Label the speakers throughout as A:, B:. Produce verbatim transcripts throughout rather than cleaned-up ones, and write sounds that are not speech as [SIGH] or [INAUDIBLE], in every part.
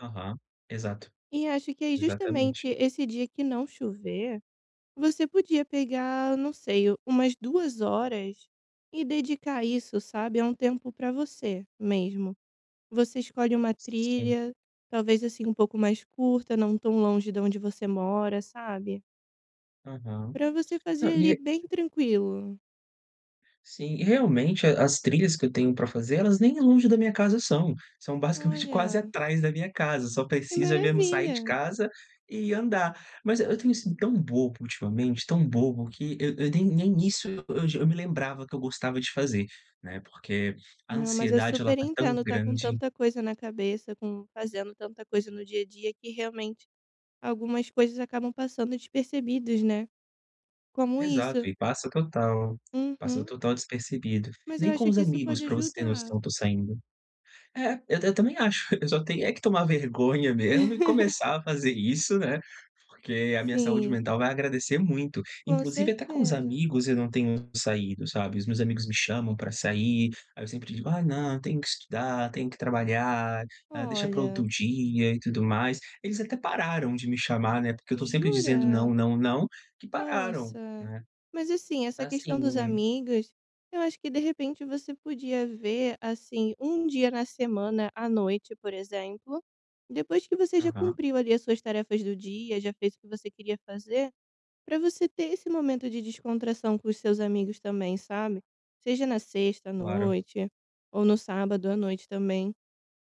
A: Aham. Exato.
B: E acho que é
A: Exatamente.
B: justamente esse dia que não chover, você podia pegar, não sei, umas duas horas e dedicar a isso, sabe? É um tempo para você mesmo. Você escolhe uma
A: Sim.
B: trilha, talvez assim um pouco mais curta, não tão longe da onde você mora, sabe?
A: Aham.
B: Para você fazer
A: Não,
B: ali
A: e é
B: bem tranquilo.
A: Sim, realmente a as trilhas que eu tenho para fazer elas nem longe da minha casa são. São basicamente quase
B: Olha.
A: atrás da minha casa, só
B: Que
A: precisa mesmo sair de
B: maravilha!
A: casa e andar. Mas, eh, eu tenho sido tão bobo ultimamente, tão bobo que eu eu nem nem isso [UNINTELLIGIBLE] eu eu j me lembrava que eu gostava de fazer, né? Porque a
B: Não, mas eu
A: ansiedade ela
B: super
A: tá tão
B: entendo estar com
A: grande.
B: tanta coisa na cabeça, com fazendo tanta coisa no dia a dia que realmente algumas coisas acabam passando despercebidas, né? Como
A: Exato,
B: isso.
A: e passa total, passa
B: Uhum.
A: total despercebido.
B: Mas eu
A: Nem com
B: acho
A: os
B: que isso
A: amigos,
B: pode
A: para você ter
B: ajudar.
A: noção, eu estou saindo. É, eu eu também acho, eu só tenho é que tomar vergonha mesmo e
B: [LAUGHS]
A: começar a fazer isso, né? Porque a minha saúde
B: Sim.
A: mental vai agradecer muito.
B: Com
A: Inclusive até com os
B: certeza.
A: amigos eu não tenho saído, sabe? Os meus amigos me chamam para sair, aí eu sempre digo: "Ai, não, tenho que estudar, tenho que trabalhar, ah, deixa para outro
B: Olha.
A: dia." E tudo mais. Eles até pararam de me chamar, né? Porque eu estou sempre dizendo: "Não,
B: Jura?
A: não, não." Que pararam,
B: Nossa.
A: né?
B: Mas assim, essa questão dos
A: Assim
B: amigos, eu acho que de repente você podia ver, assim, um dia na semana à noite, por exemplo, depois que você já
A: Aham.
B: cumpriu ali as suas tarefas do dia, já fez o que você queria fazer, para você ter esse momento de descontração com os seus amigos também, sabe? Seja na sexta à
A: Claro.
B: noite ou no sábado à noite também.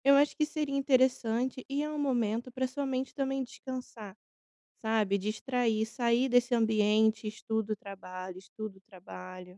B: Eu acho que seria interessante e é um momento para a sua mente também descansar, sabe? Distrair, sair desse ambiente: estudo, trabalho, estudo, trabalho.